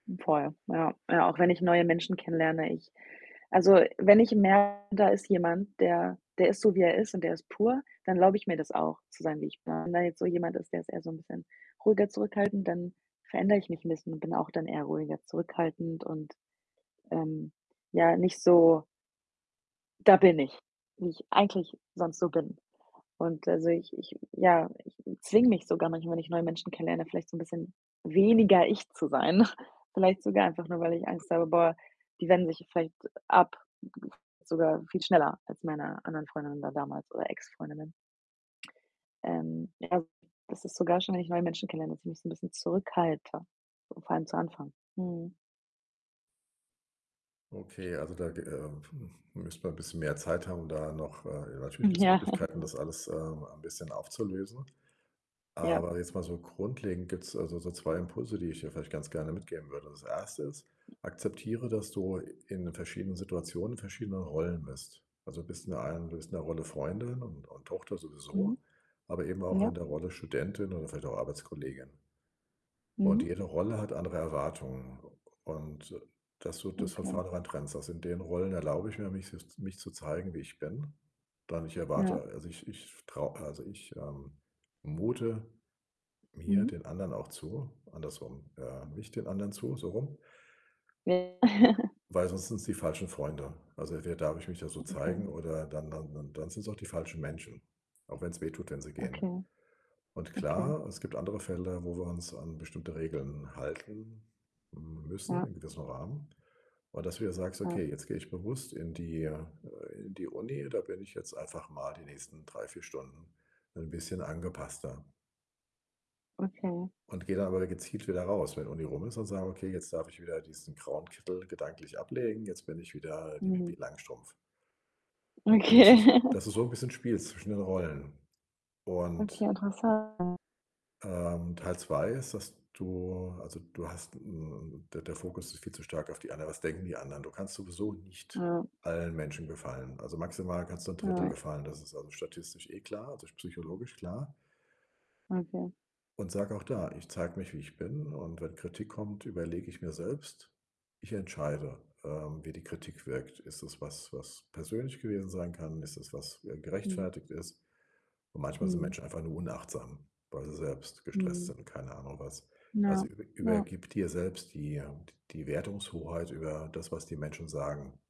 Hm, voll, ja. Ja, auch wenn ich neue Menschen kennenlerne, ich also, wenn ich merke, da ist jemand, der der ist so, wie er ist und der ist pur, dann erlaube ich mir das auch zu sein, wie ich bin. Wenn jetzt so jemand ist, der ist eher so 'n bisschen ruhiger, zurückhaltend, dann verändere ich mich 'n bisschen und bin auch dann eher ruhiger, zurückhaltend und, ähm, ja, nicht so „da bin ich“, wie ich eigentlich sonst so bin und also, ich ich ja, ich zwinge mich sogar manchmal, wenn ich neue Menschen kennenlerne, vielleicht so 'n bisschen weniger ich zu sein. Vielleicht sogar einfach nur, weil ich Angst habe: „Boah, die wenden sich, vielleicht ab, sogar viel schneller als meine anderen Freundinnen da damals oder Ex-Freundinnen.“ Ähm, ja, also, das ist sogar schon, wenn ich neue Menschen kennenlerne, dass ich mich so 'n bisschen zurückhalte, so vor allem zu Anfang, mhm. Okay, also, da ge äh, m müssten wir bisschen mehr Zeit haben, da noch, äh Natürlich gibt's Ja. Möglichkeiten, das alles, ähm, ein bisschen aufzulösen. Ja. Aber jetzt mal so grundlegend gibt's, also, so 2 Impulse, die ich dir vielleicht ganz gerne mitgeben würde. Das 1. ist: Akzeptiere, dass du in verschiedenen Situationen in verschiedenen Rollen bist. Also, bist in der einen du bist in der Rolle Freundin und und Tochter Mhm. sowieso, aber eben auch in Ja. der Rolle Studentin oder vielleicht auch Arbeitskollegin. Und Mhm. jede Rolle hat andere Erwartungen und, dass du das von Okay. vornherein trennst, also: „In den Rollen erlaube ich mir, mich s mich zu zeigen, wie ich bin. Dann ich Ja. erwarte also ich ich traue also, ich, ähm, mute mir Mhm. den anderen auch zu andersrum, äh, mich den anderen zu, so rum.“ Ja. Weil sonst sind's die falschen Freunde. Also, wer darf ich mich da so Okay. zeigen oder dann dann dann dann sind's auch die falschen Menschen, auch wenn's wehtut, wenn sie gehen Okay. und Okay. klar, es gibt andere Felder, wo wir uns an bestimmte Regeln halten m müssen Ja. in gewissem Rahmen und dass du dir sagst: Ja. „Okay, jetzt gehe ich bewusst in die in äh, die Uni. Da bin ich jetzt einfach mal die nächsten 3, 4 Stunden 'n bisschen angepasster.“ Okay. Und geh dann aber da gezielt wieder raus. Wenn die Uni rum ist, dann sagen: „Okay, jetzt darf ich wieder diesen grauen Kittel gedanklich ablegen. Jetzt bin ich wieder die Mhm. Pipi Langstrumpf.“ Und dass du's Okay. dass du so 'n bisschen spielst zwischen den Rollen Okay, und interessant. ähm, Teil 2 ist, dass du also, du hast 'n 'n der der Fokus ist viel zu stark auf die anderen. Was denken die anderen? Du kannst sowieso nicht Ja. allen Menschen gefallen. Also, maximal kannst du 'n 1/3 Ja. gefallen. Das ist, also, statistisch eh klar, also, s psychologisch klar. Okay. Und sag auch da: „Ich zeige mich, wie ich bin und wenn Kritik kommt, überlege ich mir selbst ich entscheide, ähm, wie die Kritik wirkt. Ist es was, was persönlich gewesen sein kann? Ist es was, äh, Mhm. gerechtfertigt ist?“ Und manchmal sind Mhm. Menschen einfach nur unachtsam, weil sie selbst gestresst Mhm. sind, keine Ahnung was. Ja, Also, über ja. übergib dir selbst die die Wertungshoheit über das, was die Menschen sagen.